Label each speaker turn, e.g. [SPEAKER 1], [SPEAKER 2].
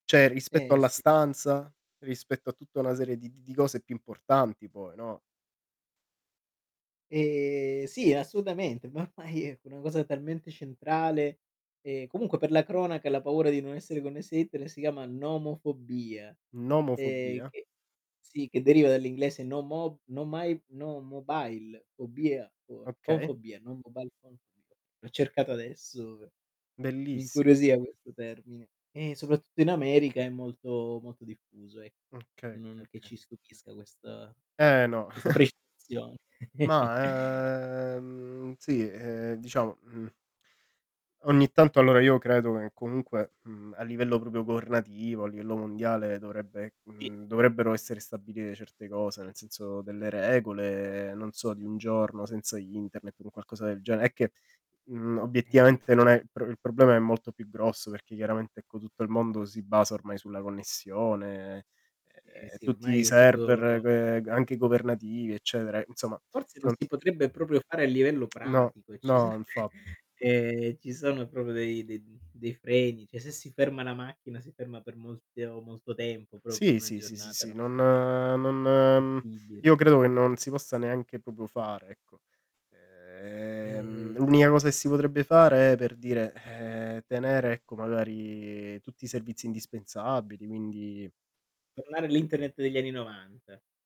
[SPEAKER 1] Cioè, rispetto
[SPEAKER 2] Eh
[SPEAKER 1] alla
[SPEAKER 2] s
[SPEAKER 1] stanza, rispetto a tutta una serie di di di cose più importanti poi, no?
[SPEAKER 2] E sì, assolutamente, ma ormai ecco una cosa talmente centrale e comunque, per la cronaca, la paura di non essere connessi a internet si chiama nomofobia e
[SPEAKER 1] Nomofobia.
[SPEAKER 2] che sì, che deriva dall'inglese no mo no my no mobile fobia fo phone
[SPEAKER 1] Okay.
[SPEAKER 2] fobia, no mobile phone fobia, l'ho cercata adesso pe mi
[SPEAKER 1] Bellissi
[SPEAKER 2] incuriosiva questo termine e soprattutto in America è molto, molto diffuso ecco,
[SPEAKER 1] Okay, okay,
[SPEAKER 2] non che
[SPEAKER 1] okay.
[SPEAKER 2] ci stupisca questa
[SPEAKER 1] Eh no.
[SPEAKER 2] questa precisazione.
[SPEAKER 1] Ma, ehm, sì, ehm, diciamo, mhmm ogni tanto, allora io credo che comunque, mhmm, a livello proprio governativo, a livello mondiale dovrebbe,
[SPEAKER 2] I
[SPEAKER 1] mhmm, dovrebbero essere stabilire certe cose. Nel senso delle regole, non so di un giorno senza internet, un qualcosa del genere, è che, mhmm,
[SPEAKER 2] Eh.
[SPEAKER 1] obiettivamente non è il pro il problema è molto più grosso, perché chiaramente ecco, tutto il mondo si basa ormai sulla connessione e
[SPEAKER 2] Eh
[SPEAKER 1] e
[SPEAKER 2] sì
[SPEAKER 1] tutti i
[SPEAKER 2] ormai è tutto
[SPEAKER 1] server g anche governativi, eccetera, insomma
[SPEAKER 2] Forse non
[SPEAKER 1] non
[SPEAKER 2] si potrebbe proprio fare a livello
[SPEAKER 1] No,
[SPEAKER 2] pratico e ci son
[SPEAKER 1] no infa
[SPEAKER 2] ehm ci sono proprio dei d dei freni, cioè se si ferma la macchina, si ferma per molte o molto tempo, però per
[SPEAKER 1] Sì,
[SPEAKER 2] una
[SPEAKER 1] sì, sì, sì,
[SPEAKER 2] giornata
[SPEAKER 1] sì,
[SPEAKER 2] non
[SPEAKER 1] non
[SPEAKER 2] è
[SPEAKER 1] non, mhmm,
[SPEAKER 2] possibile.
[SPEAKER 1] io credo che non si possa neanche proprio fare, ecco. Ehm,
[SPEAKER 2] E
[SPEAKER 1] l'unica cosa che si potrebbe fare è per dire, ehm, tenere ecco magari tutti i servizi indispensabili quindi
[SPEAKER 2] Tornare all'Internet degli anni '90.